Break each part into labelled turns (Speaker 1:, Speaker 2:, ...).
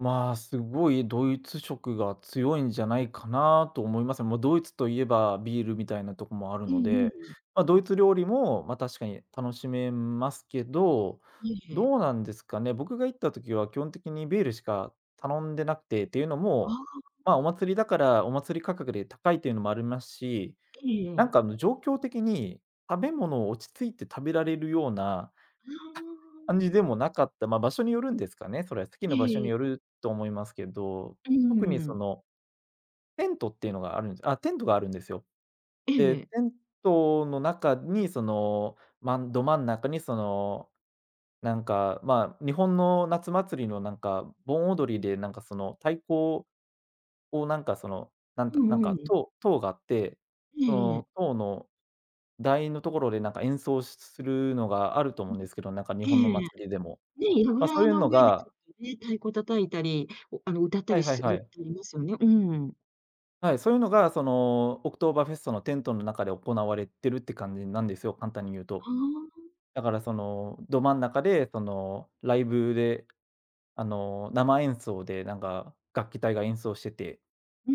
Speaker 1: まあ、すごいドイツ色が強いんじゃないかなと思います。もう、ドイツといえばビールみたいなとこもある
Speaker 2: う
Speaker 1: の
Speaker 2: んう
Speaker 1: で、
Speaker 2: ん。
Speaker 1: まあ、ドイ
Speaker 2: あ。
Speaker 1: ツ料理もまあ、確かに楽しめますけど、
Speaker 2: ええ。
Speaker 1: どうなんですかね、僕が行った時は基本的にビールしか頼んでなくて、っていうの
Speaker 2: あ
Speaker 1: も、
Speaker 2: あ。
Speaker 1: まあ、お祭りだからお祭り価格で高いっていうのもあるますし、
Speaker 2: ええ
Speaker 1: なん
Speaker 2: ええ。
Speaker 1: かあの、状況的に食べ物を落ち着いて食べられるような感じで
Speaker 2: な。
Speaker 1: もなかった、まあ、場所によるんですかね、それ。席
Speaker 2: え
Speaker 1: の
Speaker 2: え
Speaker 1: 場所
Speaker 2: えええ
Speaker 1: によ
Speaker 2: え。
Speaker 1: ると思いますけど、
Speaker 2: うー
Speaker 1: 特にそ
Speaker 2: ん。
Speaker 1: のテントっていうのがあるんじゃあ、テントがあるんですよ。
Speaker 2: え
Speaker 1: で、テ
Speaker 2: え。
Speaker 1: ントの中にその、まんど真ん中にその、なんかまあ、日本の夏祭りのなんか盆踊りでなんかその太鼓ををなんかその、なん
Speaker 2: う
Speaker 1: たなん
Speaker 2: んう
Speaker 1: か、
Speaker 2: ん。
Speaker 1: 塔塔があって、
Speaker 2: え
Speaker 1: そ
Speaker 2: えええ。
Speaker 1: の塔の台のところでなんか演奏しするのがあると思うんで
Speaker 2: [unintelligible]
Speaker 1: すけど、なんか日
Speaker 2: え
Speaker 1: 本の
Speaker 2: えええ。
Speaker 1: 祭りでも。
Speaker 2: ね、いろ
Speaker 1: ま、そう
Speaker 2: あ
Speaker 1: いう
Speaker 2: の
Speaker 1: の
Speaker 2: 上でち
Speaker 1: が
Speaker 2: ょっとね、太鼓叩いたり、おあの、歌った
Speaker 1: はい
Speaker 2: り
Speaker 1: はい
Speaker 2: す
Speaker 1: は
Speaker 2: る
Speaker 1: い。
Speaker 2: とりますよね、うん。
Speaker 1: はい、そういうのがその、オクトーバーフェストのテントの中で行われてるって感じなんですよ、簡単に言うと。
Speaker 2: はあ。
Speaker 1: だからそのど真ん中で、そのライブで、あの、生演奏でなんか楽器隊が演奏してて
Speaker 2: うー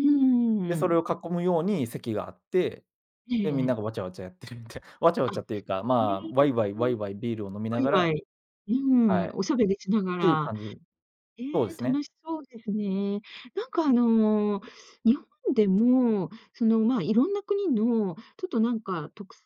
Speaker 1: で、それ
Speaker 2: ん。
Speaker 1: を囲むように席があって、
Speaker 2: ええ
Speaker 1: で、みん
Speaker 2: え
Speaker 1: な
Speaker 2: え。
Speaker 1: がわちゃわちゃやってるみたいわちゃわ
Speaker 2: あ、へ
Speaker 1: ちゃっていうか、
Speaker 2: え。
Speaker 1: まあ、わいわいわいわいビールを飲み
Speaker 2: わ
Speaker 1: な
Speaker 2: い
Speaker 1: が
Speaker 2: わ
Speaker 1: ら
Speaker 2: い、う
Speaker 1: はい。
Speaker 2: ん、
Speaker 1: っ
Speaker 2: おしゃべりしなが
Speaker 1: ていう
Speaker 2: ら。
Speaker 1: 感じ、
Speaker 2: へえ、
Speaker 1: そうです
Speaker 2: 楽
Speaker 1: ね。
Speaker 2: しそうですね。なんかあの、日本でも、その、まあ、色んな国のちょっとなんか特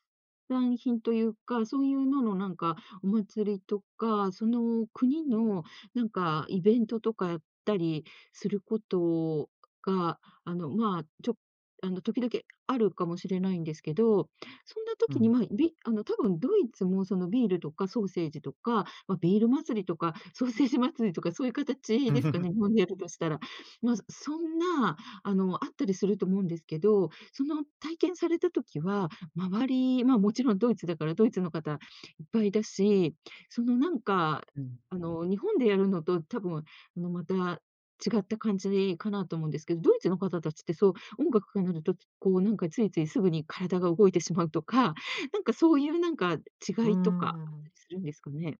Speaker 2: 産品というか、そういうののなんかお祭りとか、その国の何かイベントとかやったりすることが、あの、まあ、ちょあの、時々あるかもしれないんですけど、そんな
Speaker 1: う
Speaker 2: 時に
Speaker 1: ん。
Speaker 2: まあ、びあの、多分ドイツもそのビールとかソーセージとか、まあ、ビール祭りとか、ソーセージ祭りとかそういう形ですか ね、日本でやるとしたら。まず、そんな、あの、あったりすると思うんですけど、その体験された時は、周り、まあ、もちろんドイツだから、ドイツの方いっぱいだし、その、なんか、
Speaker 1: うん。
Speaker 2: あの、日本でやるのと多分あの、また、違った感じかなと思うんですけど、ドイツの方達ってそう、音楽がなると、こうなんかついついすぐに体が動いてしまうとか、なんかそういう、なんか
Speaker 1: うー
Speaker 2: 違いとかあった
Speaker 1: ん。
Speaker 2: りするんですかね？